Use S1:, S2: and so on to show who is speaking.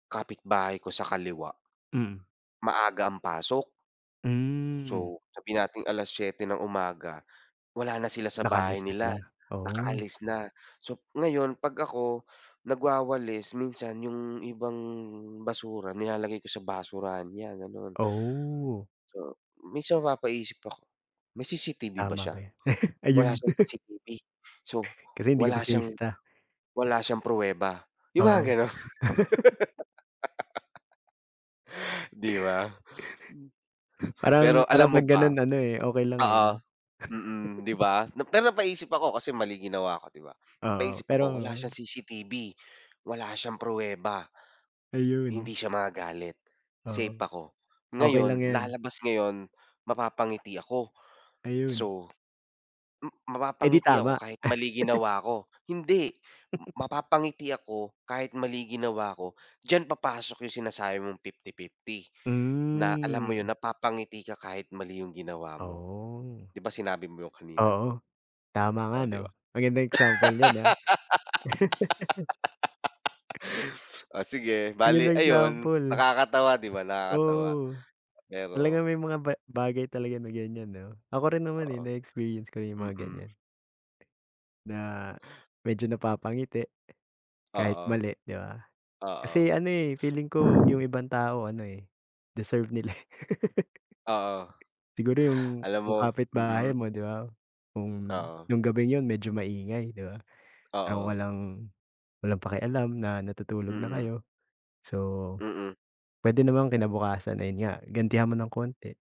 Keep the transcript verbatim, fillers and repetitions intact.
S1: Kapitbahay ko sa kaliwa
S2: Mm.
S1: maaga ang pasok.
S2: Hmm.
S1: So, sabihin nating alas-siyete ng umaga, wala na sila sa bahay
S2: Naka-alis na
S1: nila,
S2: sila, oh.
S1: nakaalis na. So ngayon, 'pag ako nagwawalis, minsan yung ibang basura nilalagay ko sa basurahan niya, gano'n.
S2: Oh.
S1: So, minsan mapapaisip ako, may C-C-T-V ba
S2: Tama
S1: siya?
S2: ba 'yan,
S1: Wala
S2: ayun.
S1: siyang C-C-T-V, so
S2: Kasi hindi ka pa
S1: wala siyang
S2: sinisita?
S1: wala siyang pruweba, yung mga
S2: Oo.
S1: gano'n. 'Di ba?
S2: Parang
S1: Pero alam
S2: parang 'pag
S1: mo
S2: gano'n
S1: ba
S2: ano, eh, okey lang, eh,
S1: oo,
S2: 'no?
S1: mm, 'di ba? Pero napaisip ako, kasi mali ginawa ko, 'di ba?
S2: Oo,
S1: Napaisip
S2: pero
S1: ako, wala siyang C-C-T-V, wala siyang pruweba, hindi
S2: Ayun.
S1: siya magagalit, safe
S2: Oo.
S1: ako.
S2: Okey lang
S1: Ngayon,
S2: 'yan.
S1: lalabas ngayon, mapapangiti ako,
S2: Ayun.
S1: so m
S2: Eh, di
S1: mapapangiti ako
S2: tama?
S1: kahit mali ginawa ko. Hindi m mapapangiti ako kahit mali yung ginawa ko. Diyan papasok yung sinasabi mong fifty-fifty na alam mo 'yon,
S2: Hmm.
S1: napapangiti ka kahit mali yung ginawa mo.
S2: Oh.
S1: 'Di ba, sinabi mo 'yun kanina?
S2: Oo, tama nga
S1: Oh, 'di
S2: 'no,
S1: ba?
S2: magandang example 'yan, ah.
S1: Oh, sige,
S2: Ayan,
S1: bale
S2: ang
S1: ayon,
S2: example.
S1: nakakatawa, 'di ba, nakakatawa
S2: Oo.
S1: pero
S2: Talagang may mga ba bagay talaga na ganyan, 'no? Ako rin naman, eh,
S1: Oo,
S2: na-experience ko rin 'yung mga
S1: mm.
S2: ganyan. Na medyo napapangiti, kahit
S1: Oo.
S2: mali 'di ba?
S1: Oo.
S2: Kasi ano, eh, feeling ko 'yung ibang tao ano, eh, deserve nila, eh.
S1: Oo.
S2: Siguro 'yung
S1: Alam
S2: yung
S1: mo
S2: kapitbahay
S1: mm.
S2: mo 'di ba, kung
S1: Oo.
S2: 'yung gabing 'yon medyo maingay 'di ba, pero
S1: Oo.
S2: walang walang pakialam na natutulog na
S1: Mm.
S2: kayo. So,
S1: Mm.
S2: pwede namang kinabukasan ayan nga, gantihan mo nang kaunti.